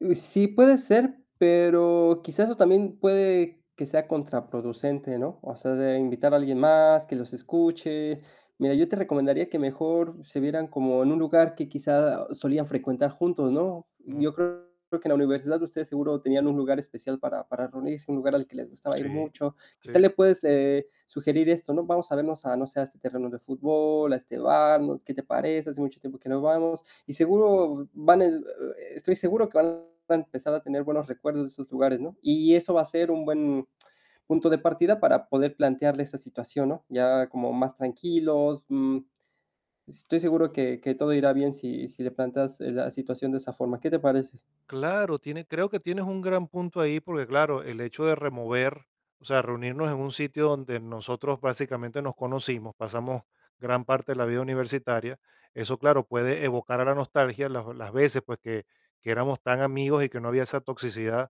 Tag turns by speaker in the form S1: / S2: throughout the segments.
S1: Mm, sí, puede ser, pero quizás eso también puede que sea contraproducente, ¿no? O sea, de invitar a alguien más que los escuche. Mira, yo te recomendaría que mejor se vieran como en un lugar que quizá solían frecuentar juntos, ¿no?
S2: Mm.
S1: Yo creo que en la universidad ustedes seguro tenían un lugar especial para para reunirse, un lugar al que les gustaba ir
S2: Sí,
S1: mucho. Quizá
S2: sí.
S1: le puedes, eh, sugerir esto, ¿no? Vamos a vernos a, no sé, a este terreno de fútbol, a este bar, no sé, ¿qué te parece? Hace mucho tiempo que no vamos. Y seguro van a estoy seguro que van a empezar a tener buenos recuerdos de esos lugares, ¿no? Y eso va a ser un buen punto de partida para poder plantearle esta situación, ¿no? Ya como más tranquilos, mm, estoy seguro que que todo irá bien si si le planteas, eh, la situación de esa forma, ¿qué te parece?
S2: Claro, tiene creo que tienes un gran punto ahí, porque claro, el hecho de remover, o sea, reunirnos en un sitio donde nosotros básicamente nos conocimos, pasamos gran parte de la vida universitaria, eso claro, puede evocar a la nostalgia las las veces, pues que que éramos tan amigos y que no había esa toxicidad,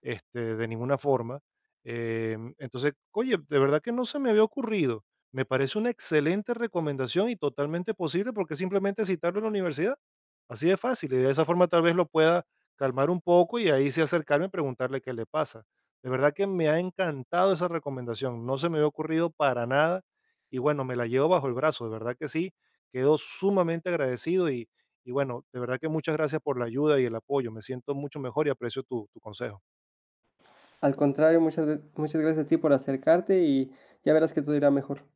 S2: este, de ninguna forma. Eh, entonces, oye, de verdad que no se me había ocurrido. Me parece una excelente recomendación y totalmente posible, porque es simplemente citarlo en la universidad. Así de fácil. Y de esa forma tal vez lo pueda calmar un poco y ahí sí acercarme y preguntarle qué le pasa. De verdad que me ha encantado esa recomendación, no se me había ocurrido para nada y bueno, me la llevo bajo el brazo, de verdad que sí. Quedo sumamente agradecido y y bueno, de verdad que muchas gracias por la ayuda y el apoyo. Me siento mucho mejor y aprecio tu tu consejo.
S1: Al contrario, muchas ve muchas gracias a ti por acercarte, y ya verás que todo irá mejor.